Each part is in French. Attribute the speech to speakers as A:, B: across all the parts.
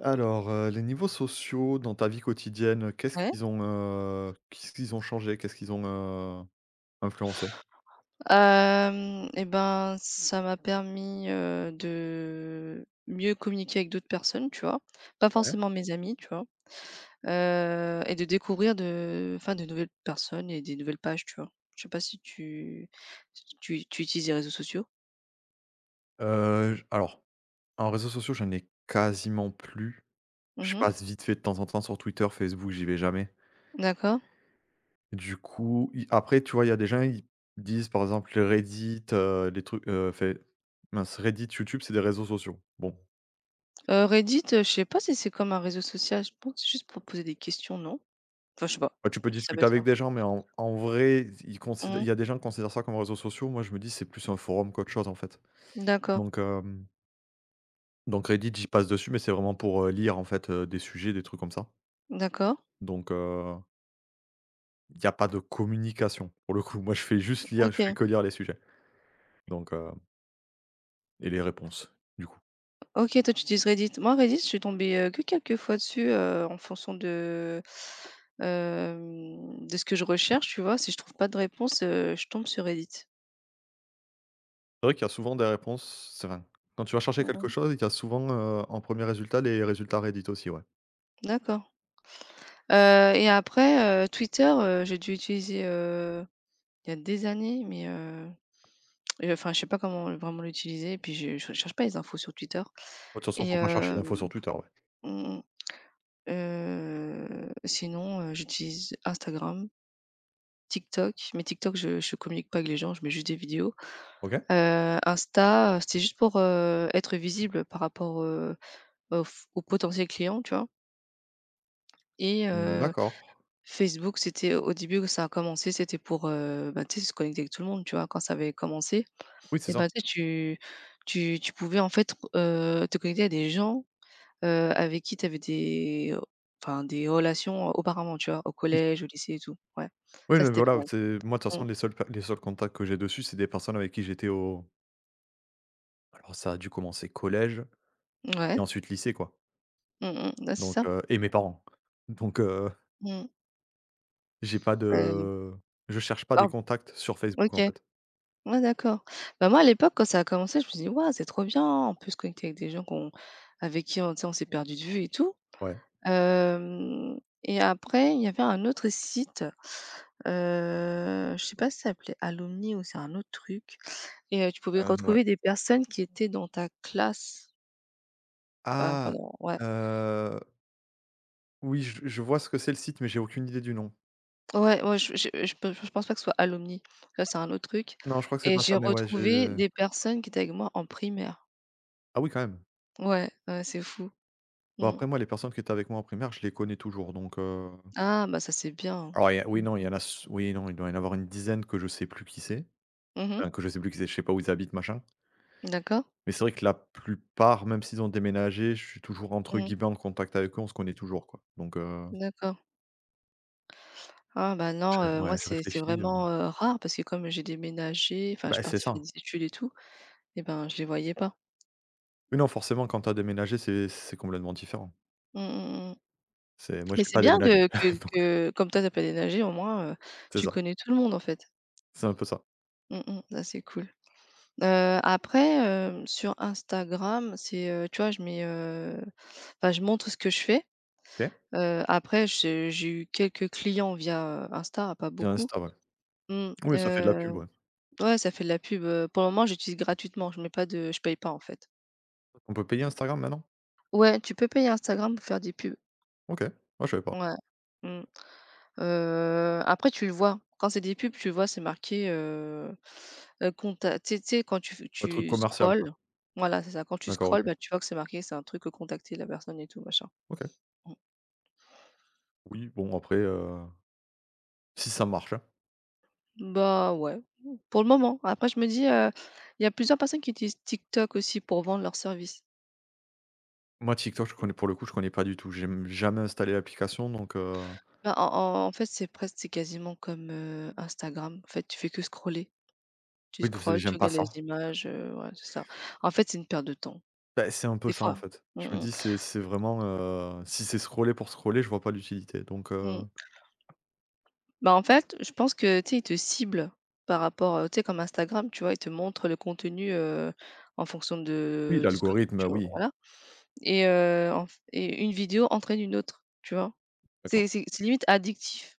A: Alors, heu, les niveaux sociaux dans ta vie quotidienne, heu, qu'est-ce
B: Ouais.
A: qu'ils ont, heu, qu'est-ce qu'ils ont changé, qu'est-ce qu'ils ont, heu, influencé?
B: Hem et ben ça m'a permis, heu, de mieux communiquer avec d'autres personnes tu vois? Pas
A: Ouais.
B: forcément mes amis tu vois? Heu et de découvrir de, heu, enfin de nouvelles personnes et des nouvelles pages tu vois? Je sais pas si tu si tu tu utilises les réseaux sociaux?
A: Heu, je alors, en réseaux sociaux, j'en ai quasiment plus.
B: Mmh
A: Je
B: mh.
A: passe vite fait de temps en temps sur Twitter, Facebook, j'y vais jamais.
B: D'accord.
A: Du coup, i après tu vois il y a des gens, ils disent par exemple les Reddit, heu, les trucs heu, enfin mince Reddit, YouTube c'est des réseaux sociaux. Bon.
B: Heu, Reddit, heu, je sais pas si c'est comme un réseau social. Je pense que c'est juste pour poser des questions, non? Enfin je sais pas,
A: Ouais
B: je
A: tu
B: sais pas
A: peux
B: si ça peut
A: discuter
B: être
A: avec
B: ça.
A: des gens, mais en en vrai, zi ils consid
B: Mmh
A: il
B: mh.
A: y a des gens qui considèrent ça comme réseaux sociaux, moi je me dis: «C'est plus un forum qu'autre chose» en fait.
B: D'accord.
A: Donc hem donc Reddit j'y passe dessus mais c'est vraiment pour, heu, lire en fait, heu, des sujets, des trucs comme ça.
B: D'accord.
A: Donc heu il y a pas de communication. Pour le coup, moi, je fais juste lire, je fais
B: OK.
A: que lire les sujets. Donc heu et les réponses, du coup.
B: OK, toi, tu utilises Reddit. Moi, Reddit je suis tombée, heu, que quelques fois dessus, heu, en fonction de, hem, de ce que je recherche, tu vois. Si je trouve pas de réponse, heu, je tombe sur Reddit.
A: C'est vrai qu'il y a souvent des répon ses. Quand tu vas chercher
B: Mmh
A: quelque
B: mh.
A: chose, ils donnent souvent, heu, en 1er résultat, les résultats Reddit aussi, ouais.
B: D'accord. Heu, et après, heu, Twitter, heu, j'ai dû utiliser, heu, il y a des années, mais heu et heu enfin, je sais pas comment vraiment l'utiliser, puis je je recherche pas les infos sur Twitter.
A: Ouais, de toute façon,
B: Et
A: faut pas chercher
B: hem,
A: l'info sur Twitter, ouais.
B: mmh mh. Heu, sinon heu, j'utilise Instagram TikTok, mais TikTok je je communique pas avec les gens, je mets juste des vidéos.
A: OK.
B: Heu, Insta, heu, c'était juste pour, heu, être visible par rapport, heu, aux f aux potentiels clients, tu vois? Et
A: Mmh
B: heu,
A: d'accord.
B: Facebook, c'était au début où ça a commencé c'était pour, heu, bah, tu sais, se connecter avec tout le monde, tu vois? Quand ça avait commencé.
A: Oui, c'est
B: Et ben,
A: ça.
B: tu sais, tu tu tu pouvais, en fait, re heu, te connecter à des gens, heu, avec qui t'avais des o enfin des relations auparavant, tu vois? Au
A: Oui.
B: collège, au lycée et tout, ouais.
A: Oui,
B: Ça,
A: mais
B: c'était pas
A: voilà. Où
B: mal.
A: tu es moi, de toute façon,
B: Mmh.
A: les seuls cas les seuls contacts que j'ai dessus, c'est des personnes avec qui j'étais au Alors, ça a dû commencer collège et
B: Ouais.
A: ensuite lycée, quoi.
B: Mmh mh, ouais, c'est
A: Donc
B: ça.
A: heu, et mes parents. Donc heu
B: Mmh.
A: J'ai pas de
B: Heu.
A: heu, je cherche pas des
B: Oh!
A: contacts sur Facebook,
B: OK.
A: en fait.
B: Ouais, d'accord. Bah moi, à l'époque, quand ça a commencé, je me suis dit: «Ouah, c'est trop bien, on peut se connecter avec des gens qu'on avec qui, on tu sais, on s'est perdus de vue et tout».
A: Ouais.
B: Hem, et après, il y avait un autre site, heu, je sais pas si ça s'appelait Alumni ou c'est un autre truc. Et, heu, tu pouvais
A: Heu, n ouais.
B: retrouver des personnes qui étaient dans ta classe. Heu,
A: Ah!
B: pardon, ouais.
A: Heu. Oui, je je vois ce que c'est, le site, mais j'ai aucune idée du nom.
B: Ouais, ouais, je je je pen je pense pas que ce soit à Alumni. Ça, c'est un autre truc
A: Non, je crois que c'est
B: et
A: pas
B: j'ai
A: ça, mais ouais, j'ai,
B: retrouvé
A: heu
B: des personnes qui étaient avec moi en primaire.
A: Ah oui, quand même.
B: Ouais, ouais, c'est fou.
A: Bon,
B: Mmh.
A: après, moi, les personnes qui étaient avec moi en primaire, je les connais toujours, donc heu
B: Ah! Bah ça, c'est bien!
A: Ah ouais il y a,
B: Mmh
A: oui, non il
B: mh.
A: y en a s oui, non, il doit y en avoir une dizaine que je sais plus qui c'est.
B: Mmh mh.
A: Enfin que je sais plus qui c'est, je sais pas où ils habitent, machin.
B: D'accord.
A: Mais c'est vrai que la plupart, même s'ils ont déménagé, je suis toujours,
B: Mmh
A: entre
B: mh.
A: guillemets, «en contact» avec eux. On se connaît toujours, quoi. Donc heu
B: D'accord. Ah ben
A: Je
B: non, heu, moi
A: ouais, je
B: c'est c'est
A: réfléchis, hem
B: vraiment, heu, rare parce que comme j'ai déménagé, enfin, je suis
A: Bah c'est
B: partie faire
A: ça.
B: des études et tout et ben, je les voyais pas.
A: Oui, non, forcément quand tu as déménagé, c'est c'est complètement différent.
B: Mmh, mmh, mmh.
A: C'est moi,
B: Mais
A: j'ai
B: c'est
A: pas
B: bien
A: déménagé.
B: que que
A: Donc heu
B: que comme toi tu as pas déménagé au moins, heu,
A: C'est
B: tu
A: ça.
B: connais tout le monde en fait.
A: C'est un peu ça.
B: Mmh, mmh ça c'est cool. Heu, après, heu, sur Instagram, c'est, heu, tu vois, je mets, heu, enfin je montre ce que je fais.
A: OK.
B: Heu, après je j'ai eu quelques clients via Insta, pas
A: Via
B: beaucoup,
A: Insta ouais.
B: mmh
A: Oui, ça fait de la
B: heu,
A: pub, ouais.
B: ouais, ça fait de la pub, heu, pour le moment j'utilise gratuitement, je mets pas de je paye pas en fait.
A: On peut payer Instagram maintenant?
B: Ouais, tu peux payer Instagram pour faire des pubs.
A: OK. Ah je savais pas.
B: Ouais, mmh. Heu, après tu le vois. Quand c'est des pubs tu le vois c'est marqué, heu heu, compte tu as tu sais tu sais quand tu f
A: Un truc
B: tu
A: commercial quoi.
B: scrolles, voilà, c'est ça, quand tu
A: D'accord,
B: scrolles
A: OK.
B: bah, tu vois que c'est marqué c'est un truc, heu, contactez la personne et tout machin.
A: OK.
B: Mmh.
A: Oui bon après, heu, si ça marche hein?
B: Bah, ouais pour le moment! Après je me dis, heu, il y a plusieurs personnes qui utilisent TikTok aussi pour vendre leurs services.
A: Moi TikTok je
B: [unintelligible]
A: connais pour le coup je connais pas du tout, j'ai, mmh, jamais installé l'application donc heu.
B: Bah en en en fait, c'est presque, c'est quasiment comme, heu, Instagram, en fait, tu fais que scroller. Tu
A: Oui, parce que
B: scrolles, tu
A: j'aime pas
B: regardes les
A: ça!
B: images, heu, ouais, c'est ça. En fait, c'est une perte de temps.
A: Beh c'est un peu
B: Des
A: ça en
B: fois,
A: fait.
B: mmh
A: Je me
B: mh.
A: dis c'est c'est vraiment, heu, si c'est scroller pour scroller, je vois pas l'utilité donc
B: Mmh.
A: heu.
B: Bah en fait, je pense que tu sais ils te ciblent par rapport, heu, tu sais comme Instagram, tu vois? Ils te montrent, heu, le contenu, heu, en fonction
A: Oui,
B: de, heu, ce que
A: l'algorithme heu
B: tu
A: oui.
B: voilà. Et heu, enf et une vidéo entraîne une autre, tu vois?
A: D'accord.
B: C'est c'est c'est limite addictif.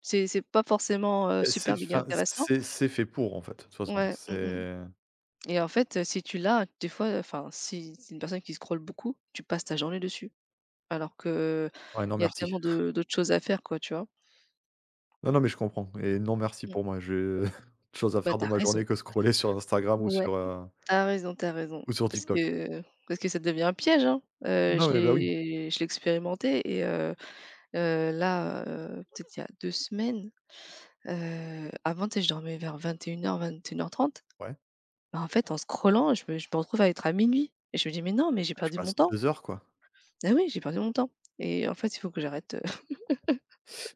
B: C'est c'est pas forcément, heu,
A: Et
B: super
A: c'est,
B: méga
A: fin,
B: intéressant.
A: c'est c'est fait pour en fait, toute façon,
B: Ouais,
A: c'est
B: mhm mh.
A: heu.
B: Et en fait, heu, si tu l'as des fois, heu, enfin, si tu es une personne qui scrolle beaucoup, tu passes ta journée dessus. Alors que, heu,
A: Ouais non
B: il y a
A: merci!
B: tellement de d'autres choses à faire, quoi, tu vois?
A: Non non mais je comprends et non merci
B: Mmh.
A: pour moi, j'ai autre chose à
B: Bah,
A: faire
B: tu
A: de
B: as
A: ma
B: raison.
A: journée que scroller sur Instagram ou
B: Ouais,
A: sur heu
B: tu as raison, tu as raison.
A: ou sur
B: Parce
A: TikTok!
B: que, heu, parce que ça devient un piège hein! Heu,
A: Non
B: je
A: mais bah oui.
B: l'ai je l'ai expérimenté et heu heu, là, heu, peut-être il y a 2 semaines, heu, avant tu sais, je dormais vers 21:00-21:30.
A: Ouais.
B: Bah en fait, en scrollant, je me je me retrouve à être à 00:00 et je me dis: «Mais non, mais j'ai
A: Bah tu
B: perdu mon
A: passes
B: temps!»
A: 2 heures quoi.
B: Ah oui, j'ai perdu mon temps! Et en fait il faut que j'arrête heu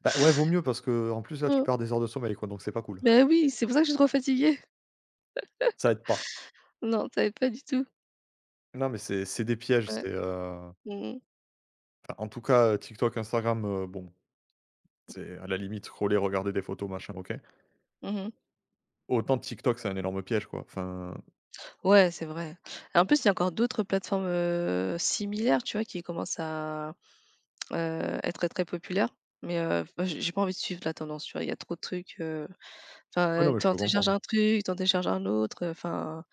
A: Bah ouais vaut mieux parce qu'en plus là, tu
B: Mmh.
A: perds des heures de sommeil quoi donc c'est pas cool.
B: Beh oui, c'est pour ça que je suis trop fatiguée.
A: Ça aide pas.
B: Non, tu avais pas du tout.
A: Non, mais c'est c'est des pièges,
B: Ouais.
A: c'est, heu
B: Mmh mh.
A: enfin en tout cas TikTok, Instagram, heu, bon.
B: M
A: C'est à la limite scroller regarder des photos machin OK.
B: Mmh mh.
A: Autant TikTok, c'est un énorme piège quoi enfin
B: Ouais, c'est vrai et en plus il y a encore d'autres plateformes, heu, similaires tu vois? Qui commencent à, heu, être très populaires mais heu, j'ai pas envie de suivre la tendance, tu vois? Il y a trop de trucs, heu,
A: Ouais, non
B: enfin
A: mais
B: tu
A: je
B: en
A: peux
B: télécharges
A: comprendre.
B: un truc, tu en télécharge un autre, heu, enfin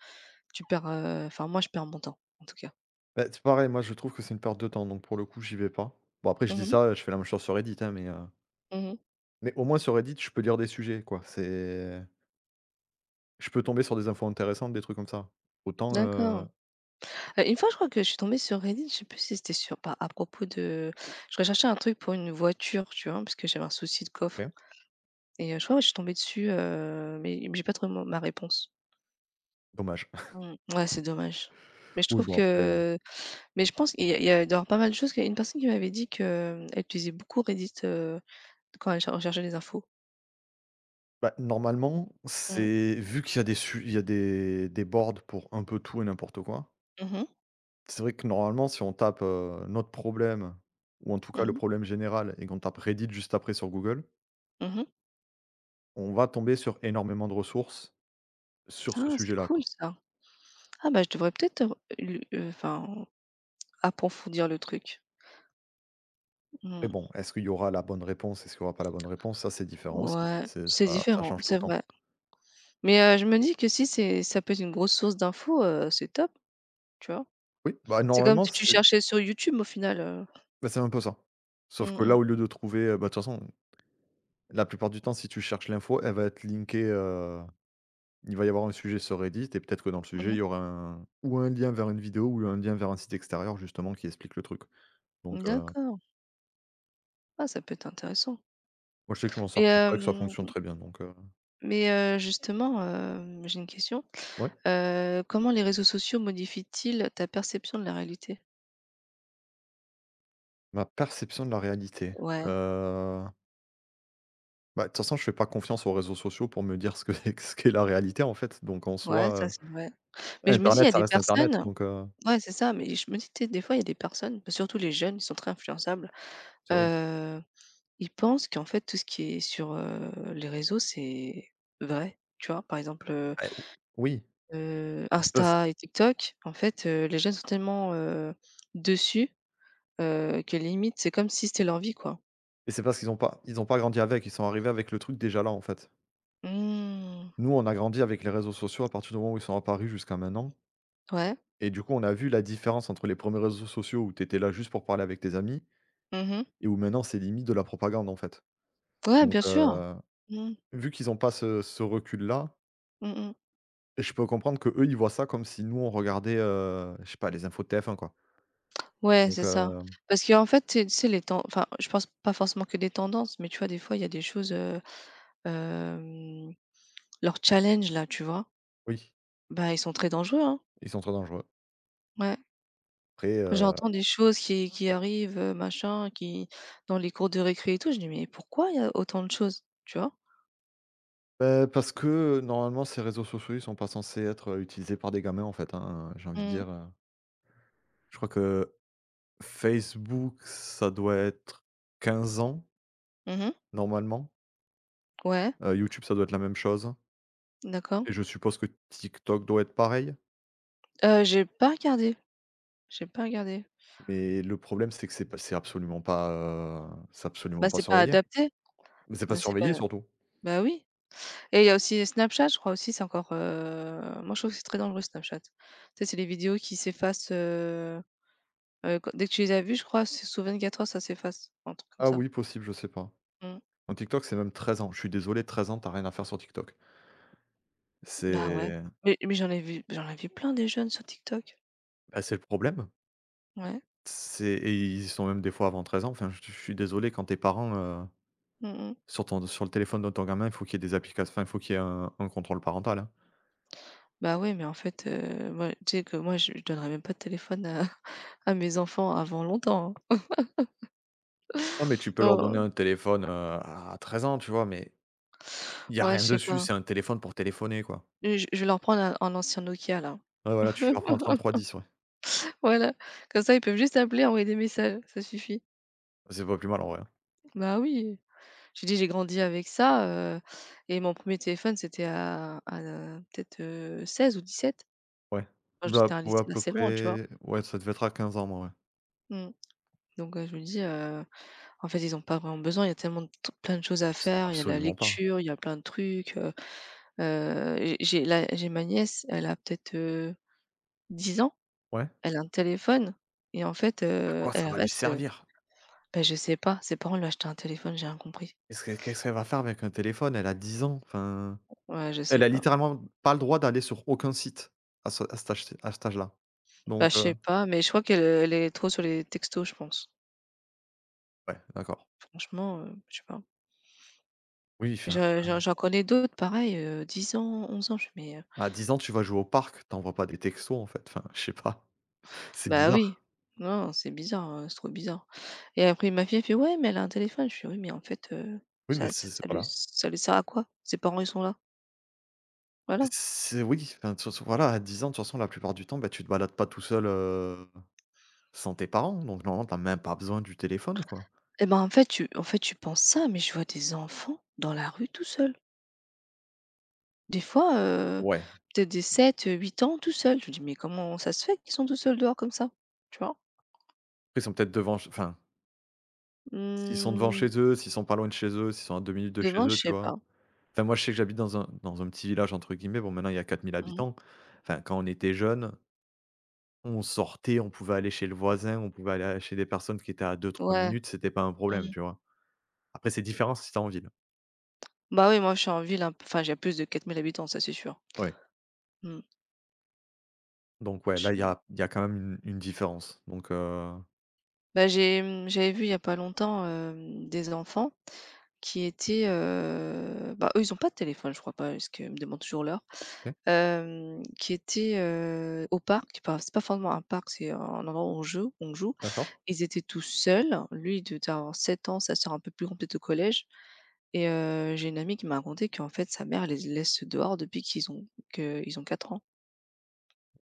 B: tu perds, heu, enfin moi je perds mon temps en tout cas.
A: Ben c'est pareil, moi je trouve que c'est une perte de temps, donc pour le coup, j'y vais pas. Bon après je dis
B: Mmh mh.
A: ça, je fais la même chose sur Reddit hein mais heu
B: Mmh mh.
A: mais au moins sur Reddit, je peux lire des sujets quoi, c'est Je peux tomber sur des infos intéressantes, des trucs comme ça. Autant,
B: D'accord.
A: heu
B: Heu une fois je crois que je suis tombée sur Reddit, je sais plus si c'était sur par à propos de, heu, je recherchais un truc pour une voiture tu vois parce que j'avais un souci de coffre.
A: OK.
B: Et heu, je crois que je suis tombée dessus, heu mais mais j'ai pas trouvé mon ma réponse.
A: Dommage.
B: Mmh ouais, c'est dommage. Mais je
A: Oui
B: trouve
A: bon après, heu
B: que, heu, mais je pense, il y a il y a doit y avoir pas mal de choses parce qu'il y a une personne qui m'avait dit que, heu, elle utilisait beaucoup Reddit, heu, quand elle cher recherchait les infos.
A: Bah, normalement,
B: Mmh.
A: c'est vu qu'il y a des su il y a des des boards pour un peu tout et n'importe quoi.
B: Mmh mh.
A: C'est vrai que normalement si on tape, heu, notre problème, ou en tout
B: Mmh
A: cas le
B: mh.
A: problème général et qu'on tape Reddit juste après sur google
B: Mmh mh.
A: on va tomber sur énormément de ressources, sur ce
B: Ah c'est
A: sujet-là
B: cool
A: quoi.
B: ça! Ah bah je devrais peut-être l lu heu, enfin, approfondir le truc.
A: Mais
B: Mmh.
A: bon, est-ce qu'il y aura la bonne réponse? Est-ce qu'il y aura pas la bonne réponse? Ça c'est différent aussi.
B: Ouais.
A: C'est
B: C'est
A: ça ça
B: différent,
A: change tout
B: c'est
A: le temps.
B: vrai. Mais, heu, je me dis que si c'est ça peut être une grosse source d'info, heu, c'est top! Tu vois?
A: Oui, bah
B: C'est comme
A: normalement
B: si tu
A: c'est
B: cherchais sur YouTube au final, heu
A: bah, c'est un peu ça. Sauf
B: Mmh
A: que là,
B: mh.
A: au lieu de trouver, heu, bah de toute façon la plupart du temps si tu cherches l'info, elle va être linkée, heu, il va y avoir un sujet sur Reddit et peut-être que dans le
B: Mmh
A: sujet,
B: mh.
A: il y aura un, ou un lien vers une vidéo ou un lien vers un site extérieur justement qui explique le truc. Donc, heu
B: D'accord! Ah ça peut être intéressant.
A: Moi, je sais que je m'en sers
B: Et
A: comme ça et ça
B: hem
A: fonctionne très bien, donc heu
B: Mais, heu, justement, hem, j'ai une question,
A: Ouais?
B: heu, comment les réseaux sociaux modifient-ils ta perception de la réalité?
A: Ma perception de la réalité, heu
B: Ouais.
A: Bah de toute façon, je fais pas confiance aux réseaux sociaux pour me dire, ce qu'est ce qu'est la réalité en fait, donc, en
B: Ouais,
A: soi,
B: ça
A: heu,
B: c'est vrai. Mais je me dis: «il y
A: Internet,
B: a
A: ça
B: des
A: reste internet,
B: personnes»
A: donc heu
B: ouais, c'est ça. Mais je me dis tu sais, des fois, il y a des personnes, bah surtout les jeunes, ils sont très influençables.
A: Ça oui.
B: Heu, ils pensent qu'en fait, tout ce qui est sur, heu, les réseaux, c'est vrai, tu vois? Par exemple, heu,
A: Eh o oui.
B: heu,
A: C'est pas s
B: Insta et TikTok, en fait, heu, les jeunes sont tellement, heu, dessus, heu, que limite, c'est comme si c'était leur vie, quoi.
A: Et c'est parce qu'ils ont pas ils ont pas grandi avec. Ils sont arrivés avec le truc déjà là, en fait.
B: Mmh.
A: Nous, on a grandi avec les réseaux sociaux à partir du moment où ils sont apparus jusqu'à maintenant.
B: Ouais.
A: Et du coup, on a vu la différence entre les 1ers réseaux sociaux, où tu étais là juste pour parler avec tes amis
B: Mmh mh.
A: et où, maintenant, c'est limite de la propagande, en fait.
B: Ouais,
A: Donc
B: bien sûr.
A: heu,
B: Mmh mh.
A: vu qu'ils ont pas ce ce recul-là
B: Mmh mh.
A: et je peux comprendre qu'eux, ils voient ça comme si, nous, on regardait, heu, je sais pas, les infos de TF1, quoi.
B: Ouais,
A: Donc
B: c'est ça.
A: heu
B: Parce qu'en fait, c'est, tu sais, les ten enfin, je pense pas forcément que des tendances, mais, tu vois, des fois, il y a des choses, heu, hem, leurs challenges, là, tu vois?
A: Oui.
B: Bah, ils sont très dangereux, hein.
A: Ils sont trop dangereux.
B: Ouais.
A: Après, heu
B: J'entends des choses qui qui arrivent, heu, machin, qui dans les cours de récré et tout. Je dis: «Mais pourquoi il y a autant de choses»? Tu vois?
A: heu, parce que, heu, normalement, ces réseaux sociaux, ils sont pas censés être utilisés par des gamins, en fait, hein, j'ai envie de
B: Mmh.
A: dire, heu. Je crois que Facebook, ça doit être 15 ans
B: Mmh mh.
A: normalement
B: Ouais.
A: et YouTube, ça doit être la même chose
B: D'accord
A: et je suppose que TikTok doit être pareil?
B: Heu, j'ai pas regardé j'ai pas regardé.
A: Mais le problème, c'est que c'est pas c'est absolument pas, heu, c'est
B: Bah,
A: absolument pas
B: c'est pas
A: surveillé.
B: adapté.
A: Mais c'est pas
B: Ben, c'est pas
A: surveillé, surtout.
B: ben, oui. Et heu, il y a aussi Snapchat, je crois, aussi. C'est encore, heu moi, je trouve que c'est très dangereux, Snapchat. Tu sais? C'est les vidéos qui s'effacent, heu heu, dès que tu les as vues. Je crois que c'est sous 24 heures, ça s'efface, un truc comme
A: Ah
B: ça.
A: oui, possible, je sais pas.
B: Mmh.
A: En TikTok, c'est même 13 ans. Je suis désolé, 13 ans, tu as rien à faire sur TikTok.
B: Bah ouais,
A: C'est
B: mais mais j'en ai vu j'en ai vu plein, des jeunes, sur TikTok.
A: bah, c'est le problème.
B: Ouais.
A: C'est et ils y sont même des fois avant 13 ans. Enfin, je suis suis désolé, quand tes parents, heu,
B: Mmh mh.
A: sur ton sur le téléphone de ton gamin, faut qu'il y ait des applications enfin, faut qu'il y ait un un contrôle parental, hein.
B: Bah ouais mais en fait, heu, moi tu sais que moi, je je donnerais même pas de téléphone à à mes enfants avant longtemps hein.
A: Non, mais tu peux leur donner
B: Oh!
A: un téléphone, heu, à 13 ans, tu vois? Mais il y a
B: Ouais, je
A: rien
B: sais
A: dessus.
B: pas.
A: C'est un téléphone pour téléphoner, quoi.
B: Heu, je vais leur prendre un un ancien Nokia, là.
A: Ouais, voilà, tu leur prends 3310, ouais.
B: Voilà, comme ça, ils peuvent juste appeler et envoyer des messages, ça suffit.
A: C'est pas plus mal, en vrai.
B: Bah oui, j'ai dit: «J'ai grandi avec ça, heu et mon 1er téléphone, c'était à à peut-être, heu, 16 ou 17».
A: Ouais,
B: Quand
A: ou
B: j'étais
A: la
B: à un
A: ou à
B: lycée
A: peu
B: assez loin, tu vois?
A: près ouais, ça devait être à 15 ans, moi ouais.
B: Mmh. Donc heu, je me dis, heu en fait, ils ont pas vraiment besoin. Il y a tellement plein de choses à
A: S
B: faire. Il y a la
A: absolument pas.
B: lecture, il y a plein de trucs, heu, heu, j'ai j'ai là, j'ai ma nièce. Elle a peut-être, heu, 10 ans?
A: Ouais.
B: Elle a un téléphone et en fait,
A: À
B: heu,
A: quoi ça
B: elle
A: va lui
B: reste, heu
A: servir?
B: ben, je sais pas, ses parents lui ont acheté un téléphone. J'ai rien compris.
A: Qu'est-ce qu'est-ce qu'elle va faire avec un téléphone? Elle a 10 ans, enfin,
B: Ouais, je sais
A: elle a
B: pas.
A: littéralement pas le droit d'aller sur aucun site à ce à cet âge ce à cet âge-là.
B: Ben,
A: Donc
B: je
A: heu
B: sais pas, mais je crois qu'elle, heu, elle est trop sur les textos je pense.
A: Ouais, d'accord.
B: Franchement, heu, je sais pas.
A: Oui, enfin
B: Je je
A: après.
B: j'en connais d'autres pareil, heu, 10 ans, 11 ans, je mais, heu.
A: À 10 ans, tu vas jouer au parc, tu envoie pas des textos en fait, enfin, je sais pas, c'est
B: Bah, oui.
A: bizarre.
B: Non, non, c'est bizarre, heu, c'est trop bizarre. Et après ma fille elle fait: «Ouais mais elle a un téléphone!» Je fais: «Oui mais en fait, heu,
A: Oui, mais
B: ça ça
A: c'est c'est
B: ça
A: pas
B: lui
A: là.
B: ça lui sert à quoi? Ses parents ils sont là». Voilà.
A: C'est oui enfin toute façon voilà, à 10 ans, de toute façon la plupart du temps ben tu te balades pas tout seul, heu, sans tes parents. Donc normalement tu as même pas besoin du téléphone, quoi.
B: Et bah en fait tu en fait tu penses ça, mais je vois des enfants dans la rue tout seul. Des fois, heu,
A: Ouais.
B: peut-être, des 7-8 ans tout seul, je me dis: «Mais comment ça se fait qu'ils sont tous seuls dehors comme ça», tu vois?
A: Après ils sont peut-être devant enfin s'ils sont devant
B: Mmh.
A: chez eux, s'ils sont pas loin de chez eux, s'ils sont à 2 minutes de chez
B: Devant,
A: eux,
B: je
A: tu
B: sais
A: vois?
B: pas.
A: Enfin moi je sais que j'habite dans un dans un petit village entre guillemets. Bon maintenant il y a 4 000
B: Mmh.
A: habitants. Enfin, quand on était jeune, on sortait, on pouvait aller chez le voisin, on pouvait aller à chez des personnes qui étaient à 2-3
B: Ouais,
A: minutes, c'était pas un problème,
B: mmh.
A: tu vois? Après, c'est différent si tu es en ville.
B: Bah oui moi je suis en ville hein, enfin, il y a plus de 4 000 habitants, ça c'est sûr.
A: Ouais.
B: Mmh.
A: Donc ouais là il y
B: Che
A: a il y a quand même une une différence donc heu
B: Bah j'ai, mmh, j'avais vu il y a pas longtemps, hem, des enfants, qui étaient, heu bah, eux ils ont pas de téléphone, je crois pas parce qu'ils me demandent toujours l'heure.
A: OK.
B: Hem, qui étaient, heu, au parc. Enfin c'est pas forcément un parc, c'est un endroit où on joue on joue.
A: D'accord.
B: Ils étaient tous seuls, lui il de devait avoir 7 ans, sa sœur un peu plus grande, peut-être au collège. Et heu, j'ai une amie qui m'a racontée qu'en fait sa mère les laisse dehors depuis qu'ils ont que ils ont quatre ans.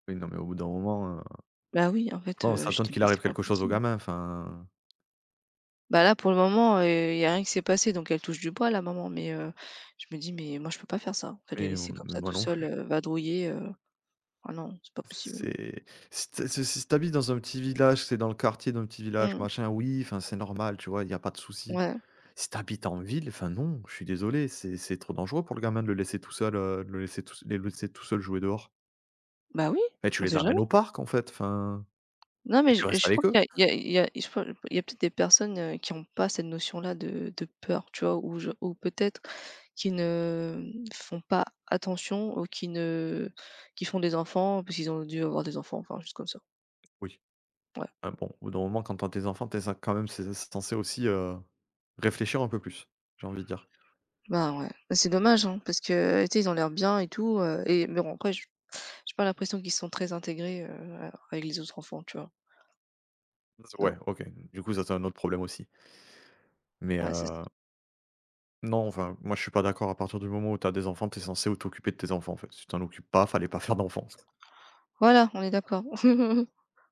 A: Oui, non mais au bout d'un moment, heu,
B: Ben oui en
A: tu
B: fait,
A: vois on
B: heu, je
A: s'étonne
B: dis:
A: qu'il
B: «Mais
A: arrive
B: c'est pas
A: quelque chose aux
B: possible.»
A: gamins, enfin
B: Bah là, pour le moment, heu, il y a rien qui s'est passé donc elle touche du bois la maman. Mais heu, je me dis: «Mais moi je peux pas faire ça». En fait les
A: Mais
B: laisser comme
A: mais
B: ça
A: moi
B: tous
A: non
B: seuls,
A: plus.
B: heu, vadrouiller, heu, ah non! C'est pas possible.
A: C'est si tu ha ce si tu habites dans un petit village, tu es dans le quartier d'un petit village,
B: Mmh.
A: machin, oui, enfin, c'est normal, tu vois? Il y a pas de souci.
B: Ouais.
A: Si tu habites en ville, enfin non, je suis désolé, c'est c'est trop dangereux pour le gamin de le laisser tout seul, heu, le laisser tout s les laisser tout seul jouer dehors.
B: Bah oui!
A: Et tu
B: On
A: les
B: sait jamais.
A: amènes au parc en fait, enfin
B: Non mais
A: et
B: je
A: tu restes
B: je crois
A: avec eux!
B: qu'il y a il y a il y a je crois, il y a peut-être des personnes, heu, qui ont pas cette notion-là de de peur, tu vois? Ou je ou peut-être qui ne m font pas attention ou qui ne qui font des enfants parce qu'ils ont dû avoir des enfants, enfin, juste comme ça.
A: Oui.
B: Ouais.
A: Hem bon, au bout d'un moment quand tu as tes enfants, tu cen quand même c'est censé aussi, heu, réfléchir un peu plus. J'ai envie de dire.
B: Ben ouais, bah c'est dommage hein parce que, tu sais, ils ont l'air bien et tout heu et mais en vrai, je j'ai pas l'impression qu'ils sont très intégrés, heu, avec les autres enfants tu vois?
A: Z ouais,
B: Non.
A: OK. Donc du coup, ça c'est un autre problème aussi. Mais
B: Ouais, c'est
A: heu Non, enfin, moi je suis pas d'accord à partir du moment où tu as des enfants, tu es censé o t'occuper de tes enfants en fait. Si tu t'en occupes pas, fallait pas faire d'enfant!
B: Voilà, on est d'accord.